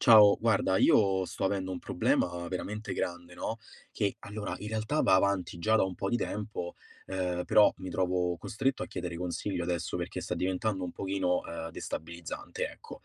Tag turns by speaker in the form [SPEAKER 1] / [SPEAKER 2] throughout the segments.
[SPEAKER 1] Ciao, guarda, io sto avendo un problema veramente grande, no, che allora in realtà, va avanti già da un po' di tempo, ehm, però mi trovo costretto a chiedere consiglio adesso perché sta diventando un pochino, ehm, destabilizzante ecco.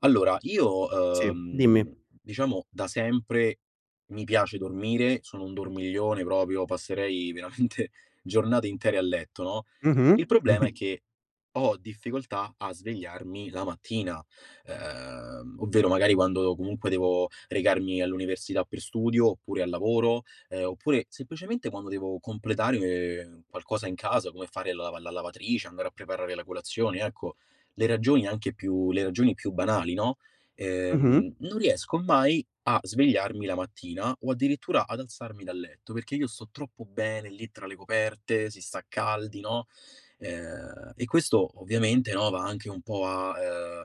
[SPEAKER 1] Allora io,
[SPEAKER 2] Sì,
[SPEAKER 1] uhm,
[SPEAKER 2] dimmi.
[SPEAKER 1] diciamo da sempre, mi piace dormire, sono un dormiglione proprio, passerei veramente giornate intere a letto, no,
[SPEAKER 2] Mh-mh.
[SPEAKER 1] il problema è che ho difficoltà a svegliarmi la mattina. Ehm, ovvero magari quando comunque devo recarmi all'università per studio oppure al lavoro, ehm, oppure semplicemente quando devo completare qualcosa in casa come fare la lava la lavatrice, andare a preparare la colazione, ecco, le ragioni anche più le ragioni più banali, no, ehm,
[SPEAKER 2] Mh-mh.
[SPEAKER 1] non riesco mai a svegliarmi la mattina o addirittura ad alzarmi dal letto, perché io sto troppo bene lì tra le coperte, si sta caldi, no, ehm, e questo ovviamente, no, va anche un po' a, uhm,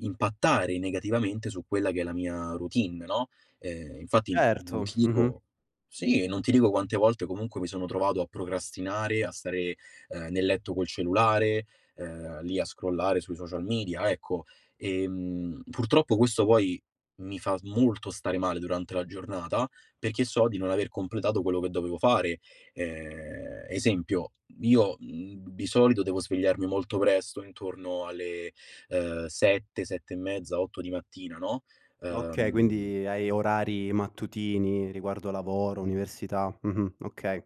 [SPEAKER 1] impattare negativamente su quella che è la mia routine, no, ehm, infatti non
[SPEAKER 2] Certo.
[SPEAKER 1] ti
[SPEAKER 2] Mh-mh.
[SPEAKER 1] dico sì, non ti dico quante volte comunque mi sono trovato a procrastinare, a stare, ehm, nel letto col cellulare, ehm, lì a scrollare sui social media, ecco, ehm, purtroppo questo poi mi fa molto stare male durante la giornata, perché so di non aver completato quello che dovevo fare. Ehm, esempio: io, mhmm, di solito devo svegliarmi molto presto intorno alle, ehm 7, 7 e mezza, 8 di mattina, no,
[SPEAKER 2] Okay.
[SPEAKER 1] ehm
[SPEAKER 2] Quindi hai orari mattutini riguardo lavoro, università. Mh-mh, okay.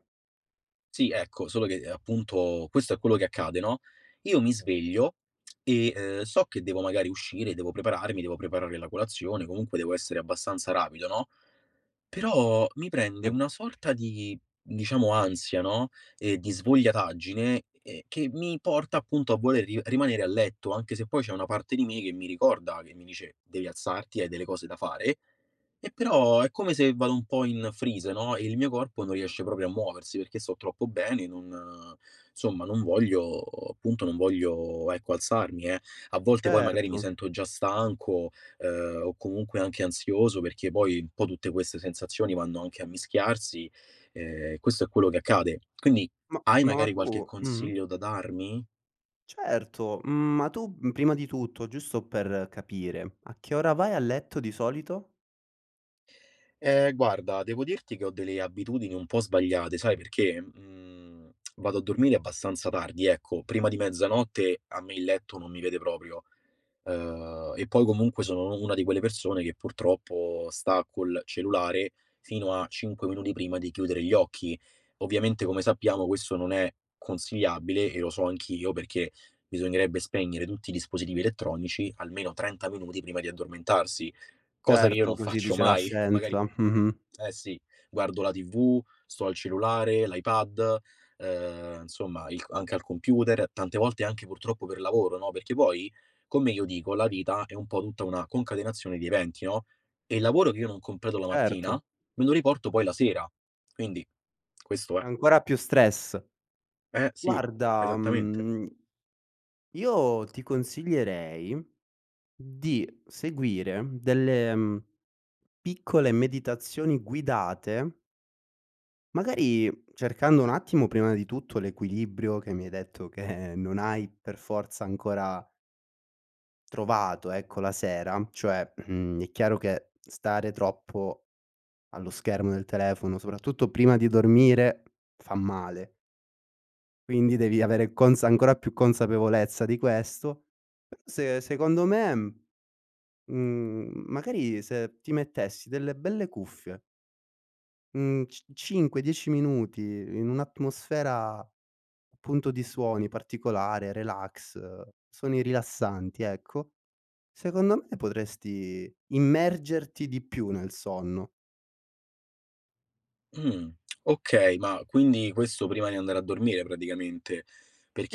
[SPEAKER 1] Sì, ecco, solo, ehm, che appunto questo è quello che accade, no: io mi sveglio, e, ehm, so che devo magari uscire, devo prepararmi, devo preparare la colazione, comunque devo essere abbastanza rapido, no, però mi prende
[SPEAKER 2] Sì.
[SPEAKER 1] una sorta di, diciamo ansia, no, e di svogliataggine, ehm, che mi porta appunto a voler ri rimanere a letto, anche se poi c'è una parte di me che mi ricorda, che mi dice: "Devi alzarti, hai delle cose da fare"; e però è come se vado un po' in freeze, no, e il mio corpo non riesce proprio a muoversi, perché sto troppo bene, non insomma non voglio appunto non voglio ecco alzarmi, eh. A volte poi magari mi
[SPEAKER 2] Certo.
[SPEAKER 1] sento già stanco, ehm, o comunque anche ansioso, perché poi un po' tutte queste sensazioni vanno anche a mischiarsi. Ehm, questo è quello che accade. Quindi
[SPEAKER 2] Ma
[SPEAKER 1] hai
[SPEAKER 2] ma
[SPEAKER 1] magari
[SPEAKER 2] tu
[SPEAKER 1] qualche
[SPEAKER 2] mh-mh.
[SPEAKER 1] consiglio da darmi?
[SPEAKER 2] Certo, uhm, ma tu, uhm, prima di tutto, giusto per capire, a che ora vai a letto di solito?
[SPEAKER 1] Ehm, guarda, devo dirti che ho delle abitudini un po' sbagliate, sai perché: mhmm, vado a dormire abbastanza tardi. Ecco, prima di mezzanotte a me il letto non mi vede proprio. Ehm, e poi comunque sono u una di quelle persone che purtroppo sta col cellulare fino a 5 minuti prima di chiudere gli occhi. Ovviamente, come sappiamo, questo non è consigliabile e lo so anch'io, perché bisognerebbe spegnere tutti i dispositivi elettronici almeno 30 minuti prima di addormentarsi, cosa che io non
[SPEAKER 2] Certo, così
[SPEAKER 1] faccio
[SPEAKER 2] dice la
[SPEAKER 1] mai, magari
[SPEAKER 2] scienza. Mh-mh.
[SPEAKER 1] eh sì, guardo la TV, sto al cellulare, l'iPad, ehm, insomma il c anche al computer, tante volte anche purtroppo per lavoro, no, perché poi, come io dico, la vita è un po' tutta una concatenazione di eventi, no, e il lavoro che io non completo la mattina,
[SPEAKER 2] Certo.
[SPEAKER 1] me lo riporto poi la sera, quindi questo è.
[SPEAKER 2] Ancora più stress.
[SPEAKER 1] Eh-eh, sì,
[SPEAKER 2] Guarda,
[SPEAKER 1] esattamente.
[SPEAKER 2] mhmm io ti consiglierei, mhmm, di seguire delle, uhm, piccole meditazioni guidate Magari cercando un attimo prima di tutto l'equilibrio che mi hai detto che non hai per forza ancora trovato, ecco la sera, cioè, mhmm, è chiaro che stare troppo allo schermo del telefono, soprattutto prima di dormire, fa male. Quindi devi avere consa ancora più consapevolezza di questo, se secondo me, uhm, mhmm, magari se ti mettessi delle belle cuffie mhmm, c 5-10 minuti in un'atmosfera punto di suoni, particolare, relax, suoni rilassanti, ecco. Secondo me potresti immergerti di più nel sonno.
[SPEAKER 1] Mh. Okay, ma quindi questo prima di andare a dormire, praticamente.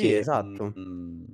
[SPEAKER 2] Ì, esatto.
[SPEAKER 1] mh-mh.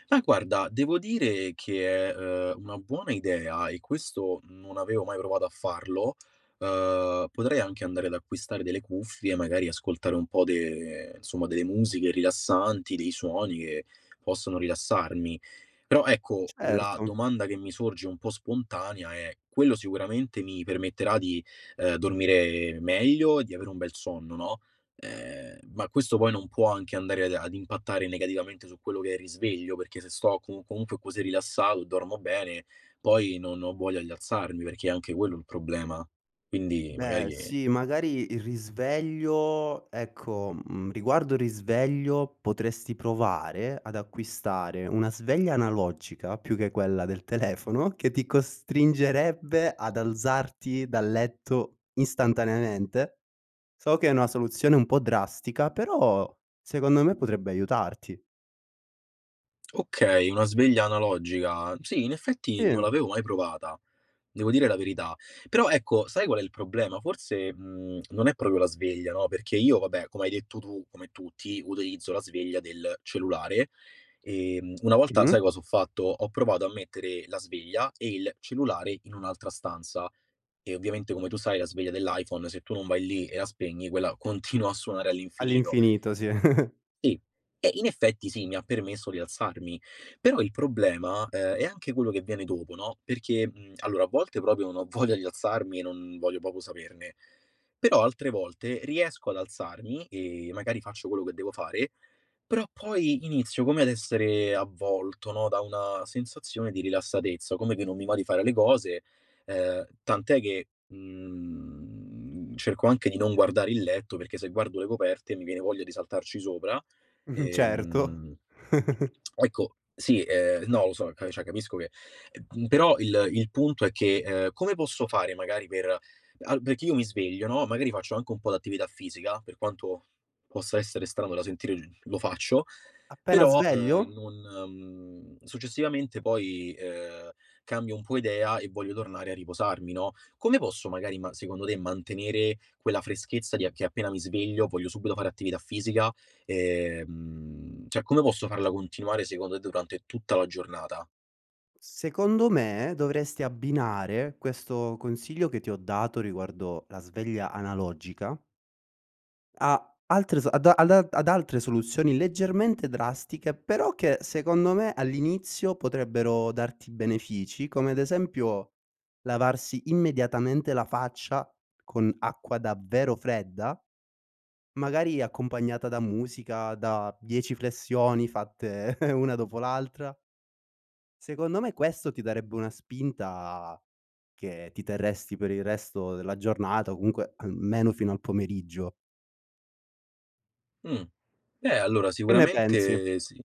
[SPEAKER 1] Ma guarda, devo dire che è, ehm, una buona idea e questo non avevo mai provato a farlo, ehm, potrei anche andare ad acquistare delle cuffie, magari ascoltare un po' de insomma delle musiche rilassanti, dei suoni che possono rilassarmi. Però ecco la
[SPEAKER 2] Certo.
[SPEAKER 1] domanda che mi sorge un po' spontanea è: quello sicuramente mi permetterà di, ehm, dormire meglio e di avere un bel sonno, no, ehm, ma questo poi non può anche andare ad ad impattare negativamente su quello che è il risveglio, perché se sto com comunque così rilassato e dormo bene, poi non ho voglia di alzarmi, perché è anche quello il problema, quindi
[SPEAKER 2] Beh,
[SPEAKER 1] magari, ehm
[SPEAKER 2] sì, magari il risveglio, ecco, mhmm, riguardo il risveglio potresti provare ad acquistare una sveglia analogica, più che quella del telefono, che ti costringerebbe ad alzarti dal letto istantaneamente. So che è una soluzione un po' drastica, però secondo me potrebbe aiutarti.
[SPEAKER 1] Okay, una sveglia analogica. Sì, in effetti non
[SPEAKER 2] Sì.
[SPEAKER 1] l'avevo mai provata, devo dire la verità. Però ecco, sai qual è il problema? Forse, mhmm, non è proprio la sveglia, no, perché io vabbè, come hai detto tu, come tutti utilizzo la sveglia del cellulare. Ehm, una volta
[SPEAKER 2] Mh-mh.
[SPEAKER 1] sai cosa ho fatto? Ho provato a mettere la sveglia e il cellulare in un'altra stanza. E ovviamente come tu sai la sveglia dell'iPhone se tu non vai lì e la spegni quella continua a suonare all'infinito.
[SPEAKER 2] All'infinito, sì.
[SPEAKER 1] Sì, eh, in effetti sì, mi ha permesso di alzarmi. Però il problema, ehm, è anche quello che viene dopo, no, perché, mhmm, allora a volte proprio non ho voglia di alzarmi e non voglio proprio saperne. Però altre volte riesco ad alzarmi e magari faccio quello che devo fare, però poi inizio come ad essere avvolto, no, da una sensazione di rilassatezza, come che non mi va di fare le cose, ehm, tant'è che, mhmm, cerco anche di non guardare il letto, perché se guardo le coperte mi viene voglia di saltarci sopra.
[SPEAKER 2] Mh-mh. Certo.
[SPEAKER 1] Ehm, ecco, sì, ehm, no, lo so, che cioè capisco che ehm, però il il punto è che, ehm, come posso fare magari per al perché io mi sveglio, no, magari faccio anche un po' d'attività fisica, per quanto possa essere strano da sentire l lo faccio.
[SPEAKER 2] Appena
[SPEAKER 1] Però,
[SPEAKER 2] sveglio?
[SPEAKER 1] ehm, non, mhmm, successivamente poi, ehm, cambio un po' idea e voglio tornare a riposarmi, no, come posso magari ma secondo te, mantenere quella freschezza di a che appena mi sveglio, voglio subito fare attività fisica, ehm, cioè come posso farla continuare secondo t durante tutta la giornata?
[SPEAKER 2] Secondo me dovresti abbinare questo consiglio che ti ho dato, riguardo la sveglia analogica a altre s ad a al a ad altre soluzioni leggermente drastiche, però che secondo me all'inizio potrebbero darti benefici, come ad esempio, lavarsi immediatamente la faccia con acqua davvero fredda magari accompagnata da musica, da 10 flessioni fatte una dopo l'altra. Secondo me questo ti darebbe una spinta che ti terresti per il resto della giornata o comunque almeno fino al pomeriggio.
[SPEAKER 1] Mh. Eh allora
[SPEAKER 2] Che ne pensi?
[SPEAKER 1] sicuramente sì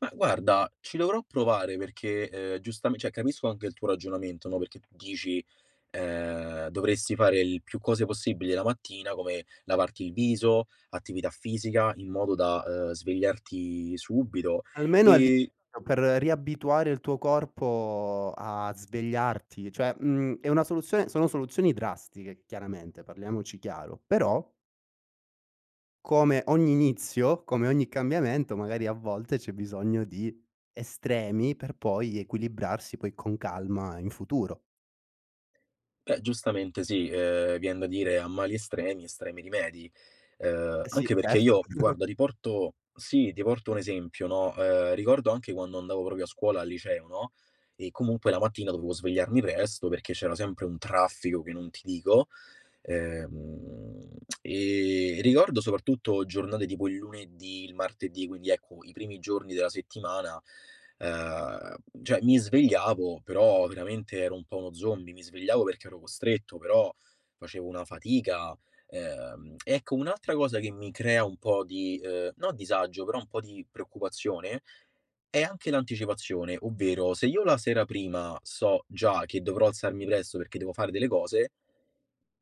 [SPEAKER 1] ma guarda, ci dovrò provare perché, uhm, giustam cioè capisco anche il tuo ragionamento no, perché tu dici, uhm: "Dovresti fare il più cose possibili la mattina, come lavarti il viso, attività fisica in modo da, uhm, svegliarti subito.
[SPEAKER 2] Almeno all'i
[SPEAKER 1] E"
[SPEAKER 2] [unintelligible] per riabituare il tuo corpo a svegliarti, cioè, mhmm, è una soluzione sono soluzioni drastiche, chiaramente, parliamoci chiaro; però Come ogni inizio, come ogni cambiamento, magari a volte c'è bisogno di estremi, per poi equilibrarsi, poi con calma in futuro.
[SPEAKER 1] Beh giustamente sì, ehm, vien da dire: "A mali estremi, estremi rimedi". Uhm,
[SPEAKER 2] Eh, sì,
[SPEAKER 1] anche perché
[SPEAKER 2] certo.
[SPEAKER 1] io guarda, di porto sì, ti porto un esempio, no, ehm, ricordo anche quando andavo proprio a scuola al liceo, no, e comunque la mattina dovevo svegliarmi presto, perché c'era sempre un traffico che non ti dico, ehm, mhmm, e ricordo soprattutto giornate tipo il lunedì, il martedì, quindi ecco, i primi giorni della settimana, ehm, cioè mi svegliavo, però veramente ero un po' uno zombie, mi svegliavo perché ero costretto, però facevo una fatica. Ehm, ecco un'altra cosa che mi crea un po' di, uhm, no disagio, però un po' di preoccupazione, è anche l'anticipazione, ovvero: se io la sera prima so già che dovrò alzarmi presso perché devo fare delle cose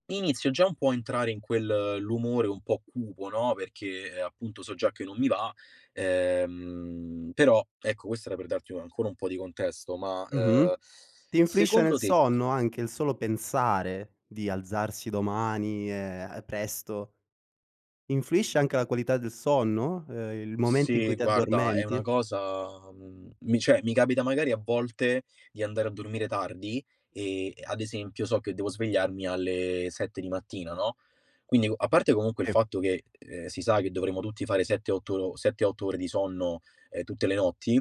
[SPEAKER 1] inizio già un po' a entrare in quel l'umore un po' cupo, no, perché, ehm, appunto so già che non mi va, ehm, però, ecco questo era per darti u ancora un po' di contesto. Ma,
[SPEAKER 2] Mh-mh.
[SPEAKER 1] uhm,
[SPEAKER 2] Ti influisce
[SPEAKER 1] secondo
[SPEAKER 2] nel
[SPEAKER 1] te
[SPEAKER 2] sonno, anche il solo pensare di alzarsi domani, ehm, presto? Influisce anche la qualità del sonno, ehm, il momento in
[SPEAKER 1] Sì,
[SPEAKER 2] cui ti
[SPEAKER 1] guarda, è una
[SPEAKER 2] addormenti?
[SPEAKER 1] cosa, mhmm, mi cioè, mi capita, magari, a volte di andare a dormire tardi e e, ad esempio, so che devo svegliarmi alle 7 di mattina, no, quindi u a parte comunque il
[SPEAKER 2] E
[SPEAKER 1] fatto che, ehm, si sa che dovremmo tutti fare 7, 8 ro 7, 8 ore di sonno, ehm, tutte le notti.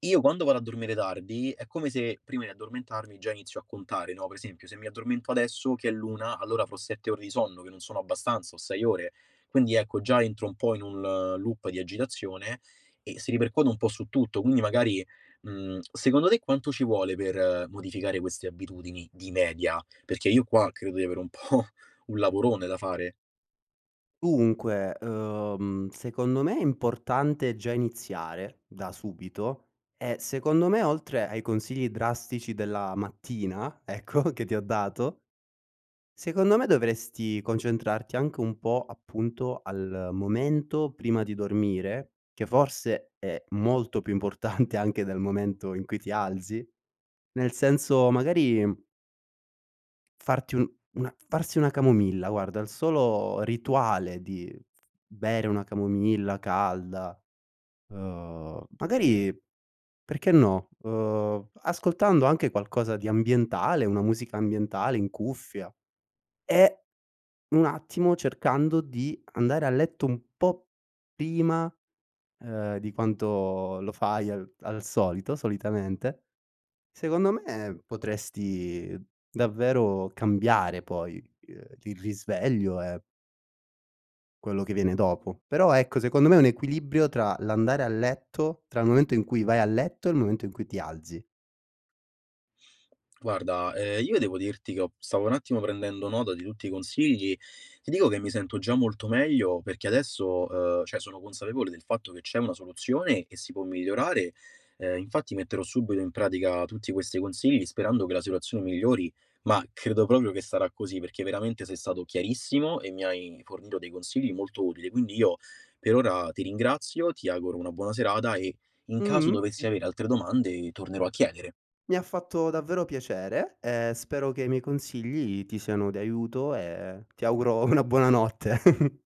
[SPEAKER 1] Io quando vado a dormire tardi, è come se prima di addormentarmi già inizio a contare, no, per esempio, se mi addormento adesso che è l'una, allora avrò 7 ore di sonno, che non sono abbastanza, o 6 ore. Quindi, ecco, già entro un po' in un, ehm, loop di agitazione, e si ripercuote un po' su tutto, quindi magari, mhmm, secondo te quanto ci vuole per modificare queste abitudini, di media? Perché io qua credo di avere un po' un lavorone da fare.
[SPEAKER 2] Dunque, ehm, secondo me è importante già iniziare da subito, ehm, secondo me oltre ai consigli drastici della mattina, ecco che ti ho dato secondo me dovresti concentrarti anche un po' appunto al momento prima di dormire, che forse è molto più importante anche dal momento in cui ti alzi. Nel senso magari, mhmm farti un una farsi una camomilla, guarda il solo rituale di bere una camomilla calda, uhm, magari, perché, no, uhm, ascoltando anche qualcosa di ambientale, una musica ambientale in cuffia. E, un attimo, cercando di andare a letto un po' prima, ehm, di quanto lo fai al al solito, solitamente. Secondo me potresti davvero cambiare poi, ehm, il risveglio, e quello che viene dopo. Però ecco secondo me è un equilibrio tra l'andare a letto tra il momento in cui vai a letto e il momento in cui ti alzi.
[SPEAKER 1] Guarda, ehm, io devo dirti che ho stavo un attimo prendendo nota di tutti i consigli. Ti dico che mi sento già molto meglio, perché adesso, ehm, cioè sono consapevole del fatto che c'è una soluzione e si può migliorare, ehm, infatti metterò subito in pratica tutti questi consigli, sperando che la situazione migliori. Ma credo proprio che sarà così, perché veramente sei stato chiarissimo e mi hai fornito dei consigli molto utili. Quindi io per ora ti ringrazio, ti auguro una buona serata e in caso
[SPEAKER 2] Mh-mh.
[SPEAKER 1] dovessi
[SPEAKER 2] [unintelligible]
[SPEAKER 1] avere altre domande, tornerò a chiedere.
[SPEAKER 2] Mi ha fatto davvero piacere. Ehm, spero che i miei consigli ti siano di aiuto, ehm, ti auguro una buonanotte.